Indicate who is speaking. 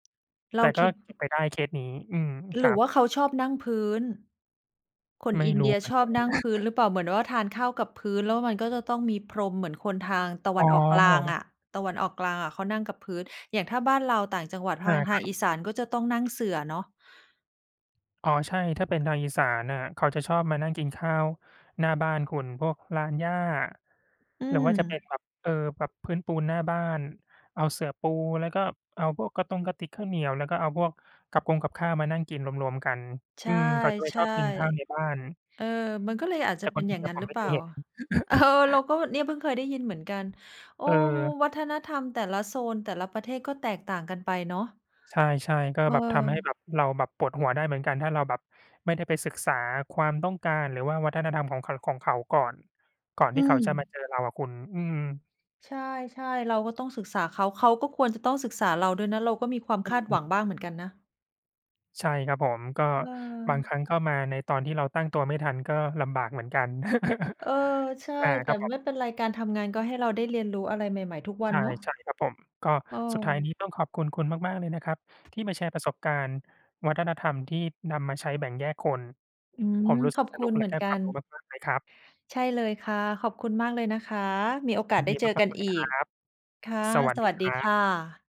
Speaker 1: เร
Speaker 2: แต
Speaker 1: า
Speaker 2: ่ก
Speaker 1: ค
Speaker 2: ็
Speaker 1: ิด
Speaker 2: เก
Speaker 1: อ
Speaker 2: ็
Speaker 1: ื
Speaker 2: บไ
Speaker 1: อ
Speaker 2: ปได้เคสนี้ อืม ค
Speaker 1: หร
Speaker 2: ร
Speaker 1: ื
Speaker 2: ั
Speaker 1: อว
Speaker 2: บ
Speaker 1: ่าเขาชอบนั่งพื้น คน
Speaker 2: ไม่
Speaker 1: อิน
Speaker 2: ร
Speaker 1: เ
Speaker 2: ู
Speaker 1: ด
Speaker 2: ้
Speaker 1: ีย
Speaker 2: เหมือ
Speaker 1: ช
Speaker 2: น
Speaker 1: อ
Speaker 2: ก
Speaker 1: บ
Speaker 2: ัน
Speaker 1: นั่งพื้นหรือเปล่า? เหมือนว่า ทานข้าวกับพื้นแล้วมันก็จะต้องมีพรม เหมือนคนทางตะว
Speaker 2: อ๋
Speaker 1: ันออกกลาง
Speaker 2: อ
Speaker 1: อะ ตะวันออกกลางอะเขานั่งกับพื้น อย่างถ้าบ้านเราต่างจังหวัด
Speaker 2: เ
Speaker 1: ท
Speaker 2: ออ
Speaker 1: าง ท
Speaker 2: ค
Speaker 1: า
Speaker 2: ร
Speaker 1: ง
Speaker 2: ับ
Speaker 1: อีสานก็จะต้องนั่งเสื่อเนาะ
Speaker 2: อ๋อ ใช่ ถ้าเป็นทางอีสานน่ะ เขาจะชอบมานั่งกินข้าวหน้าบ้านคุณ พวกลานหญ้า
Speaker 1: อื
Speaker 2: หรือว่าจะเป็น
Speaker 1: ม
Speaker 2: แบบ เออ แบบพื้นปูนหน้าบ้าน เอาเสื่อปูแล้วก็เอาพวกกระตงกระติกข้าวเหนียว แล้วก็เอาพวกกับคงกับข้าวมานั่งกินรวม ๆ กัน
Speaker 1: ใช
Speaker 2: อืม เขาจะไม่ช
Speaker 1: ่
Speaker 2: อบกินข้าวใน
Speaker 1: ๆ
Speaker 2: บ้าน
Speaker 1: เออ มันก็เลยอาจจ
Speaker 2: แต
Speaker 1: ะ
Speaker 2: ่
Speaker 1: เ
Speaker 2: ค
Speaker 1: ป
Speaker 2: ว
Speaker 1: ็
Speaker 2: าม
Speaker 1: น
Speaker 2: จร
Speaker 1: อ
Speaker 2: ิ
Speaker 1: ย่
Speaker 2: ง
Speaker 1: าง
Speaker 2: อ
Speaker 1: ง
Speaker 2: ะ
Speaker 1: ั้น
Speaker 2: ผ
Speaker 1: ห
Speaker 2: ม
Speaker 1: รื
Speaker 2: ไ
Speaker 1: อ
Speaker 2: ม
Speaker 1: เ
Speaker 2: ่
Speaker 1: ป
Speaker 2: เ
Speaker 1: ล
Speaker 2: ค
Speaker 1: ่า?
Speaker 2: ยเห็น
Speaker 1: เออ เราก็เนี่ยเพิ่งเคยได้ยินเหมือนกัน โอ้!
Speaker 2: เออ
Speaker 1: วัฒนธรรมแต่ละโซน แต่ละประเทศก็แตกต่างกันไปเนาะ
Speaker 2: ใช่ ๆ ก็แบบทำให้แบ
Speaker 1: เออ
Speaker 2: บเราแบบปวดหัวได้เหมือนกัน ถ้าเราแบบไม่ได้ไปศึกษาความต้องการ หรือว่าวัฒนธรรมของเขอะ ของเขาก่อน ก่อนท
Speaker 1: อื
Speaker 2: ี่เขาจะมา
Speaker 1: ม
Speaker 2: เจอเราอะคุณ อืม
Speaker 1: ใช่ ๆ เราก็ต้องศึกษาเขา เขาก็ควรจะต้องศึกษาเราด้วยนะ เราก็มีความ
Speaker 2: อ
Speaker 1: คาดหวัง
Speaker 2: ืม
Speaker 1: บ้างเหมือนกันนะ
Speaker 2: ใช่ครับผม ก็
Speaker 1: เ
Speaker 2: บางค
Speaker 1: ออ
Speaker 2: รั้งก็มาในตอนที่เราตั้งตัวไม่ทัน ก็ลำบากเหมือนกัน
Speaker 1: เออ ใช่
Speaker 2: อา
Speaker 1: แ
Speaker 2: ค
Speaker 1: ต่
Speaker 2: รับผม
Speaker 1: ไม่เป็นไร การทำงานก็ให้เราได้เรียนรู้อะไรใหม่ ๆ ทุกวั
Speaker 2: ใช
Speaker 1: นเนาะ
Speaker 2: ่ ๆ ครับผม ก็
Speaker 1: เออ
Speaker 2: สุดท้ายนี้ต้องขอบคุณคุณมาก ๆ เลยนะครับ ที่มาแชร์ประสบการณ์วัฒนธรรมที่นำมาใช้แบ่งแยกคน
Speaker 1: อื
Speaker 2: ผ
Speaker 1: ม
Speaker 2: มรู้ส
Speaker 1: ข
Speaker 2: ึ
Speaker 1: อ
Speaker 2: ก
Speaker 1: บ
Speaker 2: ส
Speaker 1: คุ
Speaker 2: นุก
Speaker 1: ณ
Speaker 2: แ
Speaker 1: เ
Speaker 2: ล
Speaker 1: ห
Speaker 2: ะ
Speaker 1: มือ
Speaker 2: ได
Speaker 1: น
Speaker 2: ้
Speaker 1: กั
Speaker 2: ความ
Speaker 1: น
Speaker 2: รู้มาก ๆ เลยครับ
Speaker 1: ใช่เลยค่ะ ขอบคุณมากเลยนะคะ มีโอ
Speaker 2: ย
Speaker 1: ก
Speaker 2: ิ
Speaker 1: าส
Speaker 2: น
Speaker 1: ได
Speaker 2: ด
Speaker 1: ้
Speaker 2: ี
Speaker 1: เจอ
Speaker 2: ม
Speaker 1: ก
Speaker 2: า
Speaker 1: ั
Speaker 2: ก
Speaker 1: น
Speaker 2: ๆ เล
Speaker 1: อ
Speaker 2: ย
Speaker 1: ี
Speaker 2: คร
Speaker 1: ก
Speaker 2: ับ
Speaker 1: ค่ะ
Speaker 2: สวัส
Speaker 1: ส
Speaker 2: ด
Speaker 1: ว
Speaker 2: ี
Speaker 1: ัสด
Speaker 2: ค
Speaker 1: ี
Speaker 2: รั
Speaker 1: ค
Speaker 2: บ
Speaker 1: ่ะ